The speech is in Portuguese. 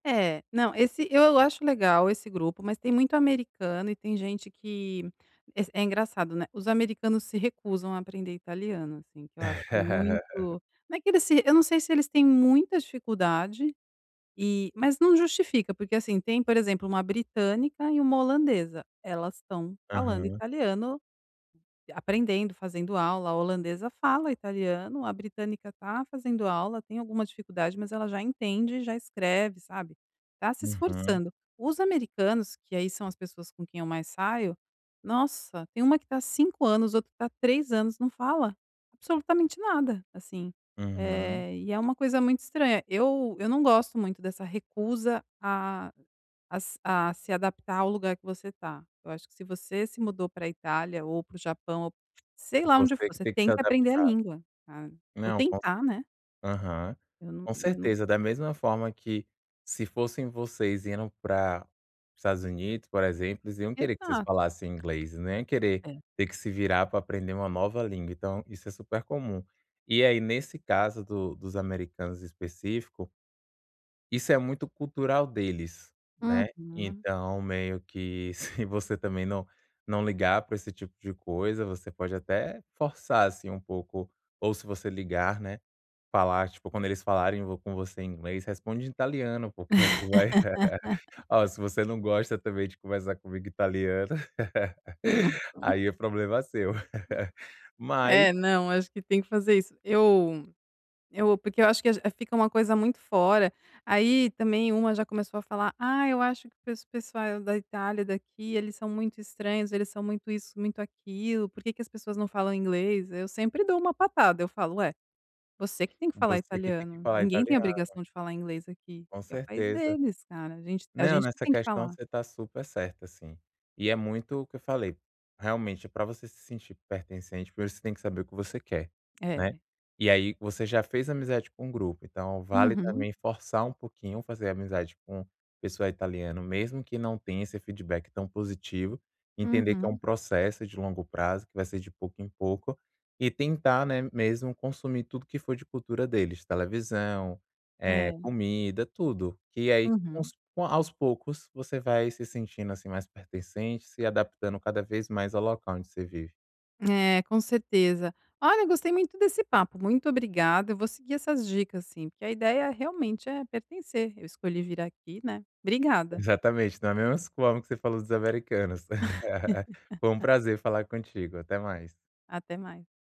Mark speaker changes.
Speaker 1: É. Não, esse eu acho legal esse grupo, mas tem muito americano e tem gente que es é engraçado, né? Os americanos se recusam a aprender italiano, assim, que eu acho muito não é que eles se eu não sei se eles têm muita dificuldade e mas não justifica, porque, assim, tem, por exemplo, uma britânica e uma holandesa, elas estão falando
Speaker 2: Aham.
Speaker 1: italiano, aprendendo, fazendo aula. A holandesa fala italiano, a britânica tá fazendo aula, tem alguma dificuldade, mas ela já entende e já escreve, sabe? Tá se
Speaker 2: Aham.
Speaker 1: esforçando. Os americanos que, aí, são as pessoas com quem eu mais saio, nossa, tem uma que está 5 anos, outra que tá 3 anos. Não fala absolutamente nada, assim.
Speaker 2: Aham.
Speaker 1: Eh, e é uma coisa muito estranha. Eu eu não gosto muito dessa recusa a a s a se adaptar ao lugar que você tá. Eu acho que se você se mudou pra Itália, ou para o Japão, ou sei lá onde
Speaker 2: Você
Speaker 1: for,
Speaker 2: que
Speaker 1: você
Speaker 2: tem que se
Speaker 1: tenta aprender a
Speaker 2: adaptar.
Speaker 1: língua, tá? Ou
Speaker 2: Não o
Speaker 1: tentar né?
Speaker 2: aham,
Speaker 1: Eu não
Speaker 2: com
Speaker 1: eu
Speaker 2: certeza.
Speaker 1: não
Speaker 2: Da mesma forma que se fossem vocês e indo pra os Estados Unidos, por exemplo, eles iam querer que vocês
Speaker 1: Exato.
Speaker 2: falassem inglês, não iam querer
Speaker 1: É.
Speaker 2: ter que se virar pra aprender uma nova língua. Então isso é super comum. E aí, nesse caso do dos americanos específico isso é muito cultural deles, né?
Speaker 1: Uhum.
Speaker 2: Então meio que se você também não não ligar pra esse tipo de coisa, você pode até forçar, assim, um pouco. Ou se você ligar, né, falar, tipo, quando eles falarem, ou com você em inglês, responde em italiano. Porque, aí, vai "Ó, se você não gosta também de conversar comigo em italiano, aí, o problema é seu, mas"
Speaker 1: É. Não, acho que tem que fazer isso. Eu eu porque eu acho que fica uma coisa muito fora, aí também uma já começou a falar: "Ah, eu acho que o pes o pessoal da Itália, daqui eles são muito estranhos. Eles são muito isso, muito aquilo. Por que que as pessoas não falam inglês?". Eu sempre dou uma patada. Eu falo: "Ué, você que tem que falar
Speaker 2: Você que tem que
Speaker 1: italiano,
Speaker 2: falar
Speaker 1: ninguém tem
Speaker 2: italiano.
Speaker 1: obrigação de falar inglês aqui.
Speaker 2: Com
Speaker 1: Aqui é o país
Speaker 2: certeza.
Speaker 1: deles, cara. A gente a
Speaker 2: Não,
Speaker 1: gente que
Speaker 2: nessa
Speaker 1: tem que
Speaker 2: questão
Speaker 1: falar".
Speaker 2: você está super certa, assim. E é muito o que eu falei: realmente, pra você se sentir pertencente, primeiro você tem que saber o que você quer, né?
Speaker 1: É.
Speaker 2: E aí, você já fez amizade com o grupo, então vale
Speaker 1: Uhum.
Speaker 2: também forçar um pouquinho, fazer amizade com pessoa italiana, mesmo que não tenha esse feedback tão positivo. Entender que é um
Speaker 1: Uhum.
Speaker 2: processo de longo prazo, que vai ser de pouco em pouco. E tentar, né, mesmo consumir tudo que for de cultura deles, televisão, eh,
Speaker 1: É.
Speaker 2: comida, tudo. E aí,
Speaker 1: Uhum.
Speaker 2: aos aos poucos, você vai se sentindo, assim, mais pertencente, se adaptando cada vez mais ao local onde você vive.
Speaker 1: É, com certeza. Olha, gostei muito desse papo. Muito obrigada. Eu vou seguir essas dicas, assim, porque a ideia realmente é pertencer. Eu escolhi vir aqui, né? Obrigada.
Speaker 2: Exatamente, na mesma forma que você falou dos americanos. Foi um prazer falar contigo, até mais.
Speaker 1: Até mais.